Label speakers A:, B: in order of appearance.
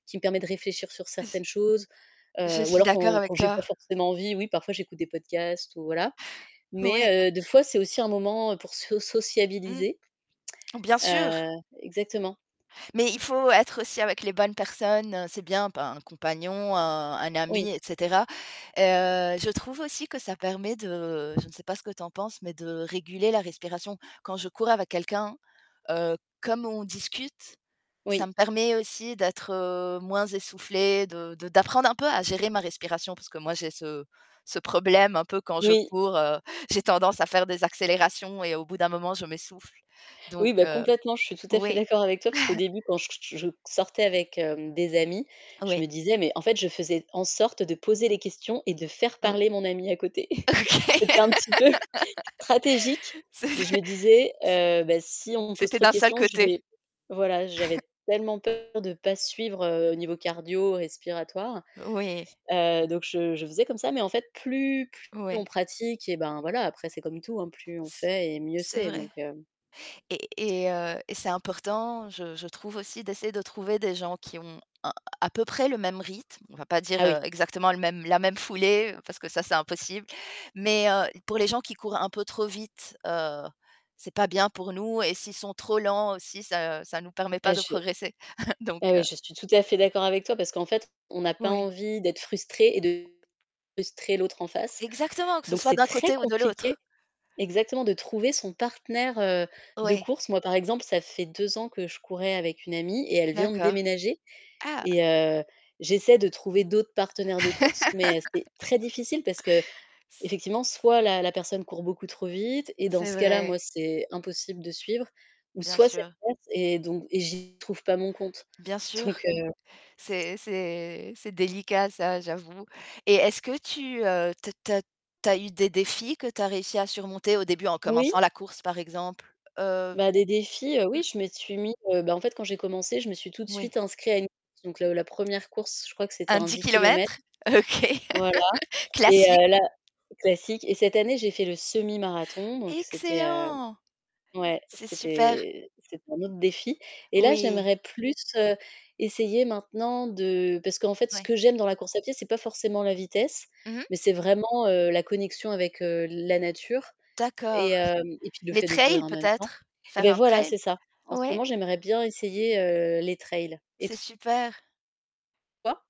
A: Qui me permet de réfléchir sur
B: J
A: certaines choses,
B: je
A: heu, ou
B: suis
A: alors
B: d'accord
A: quand quand
B: avec
A: j'ai
B: toi.
A: pas forcément envie, oui, parfois, j'écoute des podcasts ou voilà,
B: Ouais.
A: mais heu, des fois c'est aussi un moment pour so
B: Mmh.
A: sociabiliser.
B: Bien sûr.
A: Heu, exactement.
B: Mais il faut être aussi avec les bonnes personnes, heu, c'est bien, ben, un compagnon, un un ami
A: Oui.
B: et cetera et heu, je trouve aussi que ça permet de- je ne sais pas ce que tu en penses- mais de réguler la respiration. Quand je cours avec quelqu'un, heu, comme on discute, ça
A: Oui.
B: me permet aussi d'être, heu, moins essoufflée, de de d'apprendre un peu à gérer ma respiration, parce que moi, j'ai ce ce problème, un peu, quand je
A: Oui.
B: cours, heu, j'ai tendance à faire des accélérations et au bout d'un moment, je m'essouffle, donc
A: Oui, bah,
B: heu,
A: complètement, je suis tout à fait
B: oui.
A: d'accord avec toi parce qu'au début quand j j j je q sortais avec, hem, des amis, je
B: Oui.
A: me disais mais en fait, je faisais en sorte de poser les questions et de faire
B: Ou
A: parler mon ami à côté.
B: OK.
A: C'était un petit peu stratégique
B: C'était c
A: mais
B: c
A: je me disais: «Heu, bah si on me pose
B: c'était
A: trop de
B: d'un seul
A: questions, je
B: côté.
A: vais» voilà, j'avais tellement peur de pas suivre, heu, au niveau cardio-respiratoire,
B: Oui.
A: heu, donc je je faisais comme ça mais en fait, plus plus on
B: Ouais.
A: pratique, eh ben, voilà, après c'est comme tout, hein, plus on fait et mieux
B: C'est
A: c'est,
B: vrai
A: donc hem
B: et et heu, et c'est important, je je trouve aussi d'essayer de trouver des gens qui ont un à peu près le même rythme. On va pas dire,
A: Ah oui.
B: heu, exactement le même la même foulée parce que, ça, c'est impossible mais heu, pour les gens qui courent un peu trop vite, heu, c'est pas bien pour nous et s'ils sont trop lents aussi, ça ça nous permet
A: Heu,
B: pas de
A: je heu,
B: progresser, donc
A: ouais,
B: heu
A: je suis tout à fait d'accord avec toi parce qu'en fait, on n'a pas
B: Ouais.
A: envie d'être frustré et de frustrer l'autre en face,
B: Exactement, que ce
A: donc
B: soit
A: c'est
B: d'un
A: très
B: côté ou de
A: compliqué
B: l'autre.
A: exactement, de trouver son partenaire, heu, de
B: Oui.
A: course. Moi, par exemple, ça fait 2 ans que je courais avec une amie et elle vient de
B: D'accord.
A: déménager
B: Ah!
A: et heu, j'essaie de trouver d'autres partenaires de course mais c'est très difficile parce
B: C
A: qu'effectivement, soit la la personne court beaucoup trop vite et dans
B: c'est
A: ce cas-là,
B: vrai.
A: moi, c'est impossible de suivre ou
B: Bien
A: soit c'est
B: sûr.
A: l'inverse et donc et j'y trouve pas mon compte,
B: Bien sûr,
A: donc heu
B: c'est c'est c'est délicat, ça, j'avoue. Et est-ce que tu, heu, tu as tu as tu as eu des défis que tu as réussi à surmonter au début en
A: Oui.
B: commençant la course, par exemple? Heu
A: Bah, des défis, heu,
B: mmh.
A: oui, je me suis mis, heu, bah, en fait, quand j'ai commencé, je me suis tout de
B: Oui.
A: suite inscrit à une course, donc le la 1re course, je crois que c'était
B: Un
A: un
B: 10
A: 10 kilomètres,
B: kilomètres, OK,
A: voilà, et
B: classique!
A: heu, là classique et cette année, j'ai fait le semi-marathon, donc c'était, heu
B: Excellent!
A: ouais,
B: C'est super!
A: c'était c'était un autre défi et là,
B: Oui.
A: j'aimerais plus, heu, essayer maintenant de parce qu'en fait ce
B: Ouais.
A: que j'aime dans la course à pied, c'est pas forcément la vitesse
B: Mmh mh.
A: mais c'est vraiment, heu, la connexion avec, heu, la nature et
B: D'accord.
A: hem, et puis, le
B: Les
A: fait de courir
B: trails
A: en même temps
B: peut-être,
A: eh
B: faire
A: beh,
B: un
A: voilà,
B: trail?
A: c'est ça, en ce
B: Ouais?
A: moment, j'aimerais bien essayer, heu, les trails et
B: C'est
A: toi?
B: super!